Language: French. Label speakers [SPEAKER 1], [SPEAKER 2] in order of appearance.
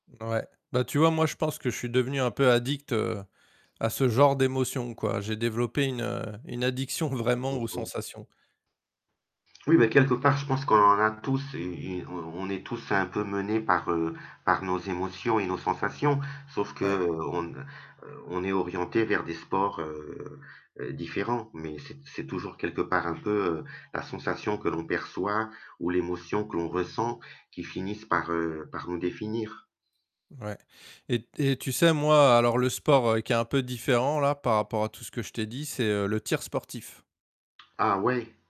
[SPEAKER 1] Ouais. Bah tu vois? Moi, je pense que je suis devenu un peu addict, heu, à ce genre d'émotions quoi. J'ai développé une, heu, une addiction vraiment
[SPEAKER 2] Mmh
[SPEAKER 1] aux
[SPEAKER 2] mh.
[SPEAKER 1] sensations.
[SPEAKER 2] Oui, bah quelque part je pense qu'on en a tous une une on on est tous un peu menés par, heu, par nos émotions et nos sensations. Sauf
[SPEAKER 1] Ouais.
[SPEAKER 2] qu'on, heu, on est orientés vers des sports, heu heu, différents mais c'est c'est toujours quelque part un peu, heu, la sensation que l'on perçoit ou l'émotion que l'on ressent qui finissent par, heu, par nous définir.
[SPEAKER 1] Ouais et t et tu sais, moi alors, le sport, heu, qui est un peu différent, là, par rapport à tout ce que je t'ai dit, c'est, heu, le tir sportif.
[SPEAKER 2] Ah, ouais?